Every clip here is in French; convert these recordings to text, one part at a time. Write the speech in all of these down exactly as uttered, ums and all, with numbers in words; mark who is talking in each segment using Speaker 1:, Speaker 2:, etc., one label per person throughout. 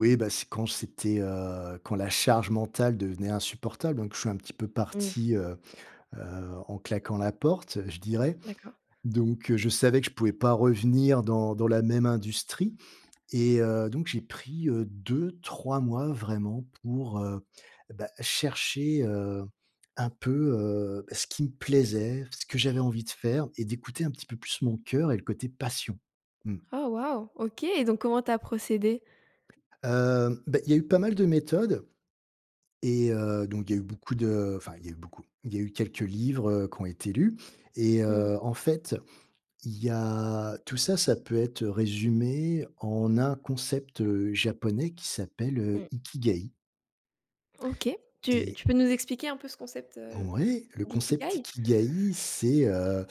Speaker 1: Oui, bah, c'est quand c'était, heu, quand la charge mentale devenait insupportable. Donc je suis un petit peu
Speaker 2: Mmh.
Speaker 1: parti, heu heu, en claquant la porte, je dirais.
Speaker 2: D'accord.
Speaker 1: Donc heu, je savais que je pouvais pas revenir dans dans la même industrie et heu, donc j'ai pris, heu, deux-trois mois, vraiment, pour, heu, eh, bah chercher, heu, un peu, heu, bah, ce qui me plaisait, ce que j'avais envie de faire et d'écouter un petit peu plus mon cœur et le côté passion. Mmh.
Speaker 2: Oh! Waouh! OK, donc comment tu as procédé?
Speaker 1: Heu, beh, il y a eu pas mal de méthodes et heu, donc il y a eu beaucoup de, enfin, il y a eu beaucoup il y a eu quelques livres, heu, qui ont été lus et
Speaker 2: Mmh.
Speaker 1: heu, en fait, il y a tout ça, ça peut être, heu, résumé en un concept, heu, japonais qui s'appelle, heu,
Speaker 2: Mmh.
Speaker 1: Ikigaï
Speaker 2: OK, tu
Speaker 1: et
Speaker 2: tu peux nous expliquer un peu ce concept, heu,
Speaker 1: Ouais, le concept
Speaker 2: d'Ikigaï?
Speaker 1: ikigaï, c'est, heu,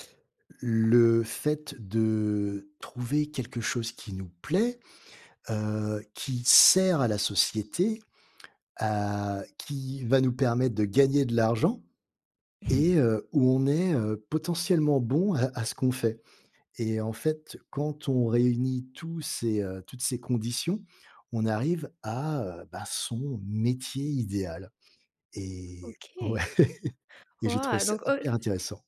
Speaker 1: le fait de trouver quelque chose qui nous plaît, heu, qui sert à la société, heu, qui va nous permettre de gagner de l'argent et heu, où on est, heu, potentiellement bon à à ce qu'on fait et en fait, quand on réunit tous ces, heu, toutes ces conditions, on arrive à, heu, ben, son métier idéal et
Speaker 2: OK.
Speaker 1: ouais et j'ai trouvé
Speaker 2: Waouh!
Speaker 1: ça
Speaker 2: Donc oh
Speaker 1: hyper
Speaker 2: l
Speaker 1: intéressant.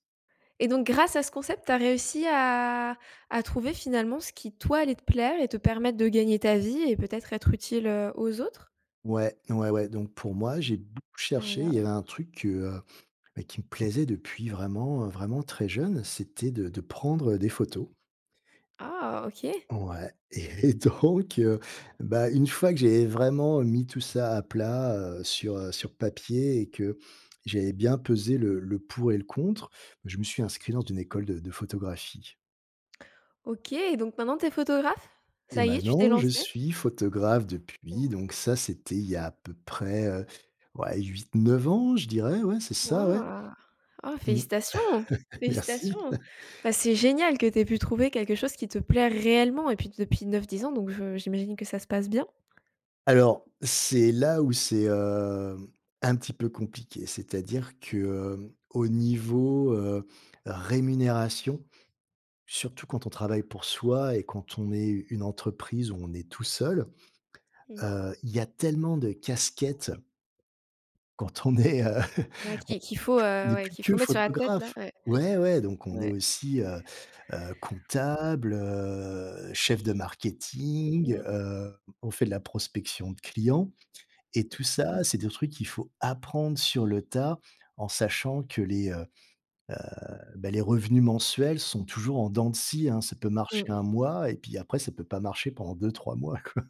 Speaker 2: et donc grâce à ce concept, tu as réussi à à trouver, finalement, ce qui toi, allait te plaire et te permettre de gagner ta vie et peut-être, être utile, heu, aux autres?
Speaker 1: Ouais, ouais, ouais. Donc pour moi, j'ai beaucoup cherché et il y
Speaker 2: Alors?
Speaker 1: avait un truc, heu, bah, qui me plaisait depuis vraiment, heu, vraiment très jeune, c'était de de prendre des photos.
Speaker 2: Ah, OK.
Speaker 1: Ouais et et donc heu, bah, une fois que j'avais, heu, vraiment mis tout ça à plat, heu, sur heu, sur papier et que j'avais bien pesé le le pour et le contre, je me suis inscrit dans une école de de photographie.
Speaker 2: OK donc maintenant tu es photographe?
Speaker 1: Et
Speaker 2: Ça y est, tu t'es
Speaker 1: maintenant, je
Speaker 2: lancé?
Speaker 1: suis photographe depuis,
Speaker 2: Oh.
Speaker 1: donc ça, c'était il y a, à peu près, heu, ouais, huit-neuf ans, je dirais, ouais, c'est ça, ouais.
Speaker 2: Waouh! Oh!
Speaker 1: Mmh.
Speaker 2: Félicitations!
Speaker 1: Merci.
Speaker 2: Félicitations! Bah, c'est génial que tu aies pu trouver quelque chose qui te plaît réellement et puis, depuis neuf-dix ans donc je j'imagine que ça se passe bien?
Speaker 1: Alors, c'est là où c'est, hem, un petit peu compliqué. C'est-à-dire que, heu, au niveau, heu, rémunération, surtout quand on travaille pour soi et quand on est u une entreprise où on est tout seul,
Speaker 2: Mmh.
Speaker 1: heu, il y a tellement de casquettes quand on est, heu, on
Speaker 2: Ouais, qu'il qu'il faut,
Speaker 1: on
Speaker 2: heu,
Speaker 1: n'est
Speaker 2: ouais,
Speaker 1: plus
Speaker 2: qu'il
Speaker 1: que
Speaker 2: faut mettre sur la tête, là.
Speaker 1: photographe.
Speaker 2: Ouais.
Speaker 1: Ouais, ouais, donc on est
Speaker 2: Ouais
Speaker 1: aussi, heu heu, comptable, heu, chef de marketing.
Speaker 2: Mmh.
Speaker 1: Heu, on fait de la prospection de clients et
Speaker 2: Mmh
Speaker 1: tout ça,
Speaker 2: mh.
Speaker 1: c'est des trucs qu'il faut apprendre sur le tas, en sachant que les, heu heu, bah, les revenus mensuels sont toujours en dents de scie, hein. Ça peut marcher
Speaker 2: Mmh.
Speaker 1: un mois et puis, après ça peut pas marcher pendant deux-trois mois, quoi.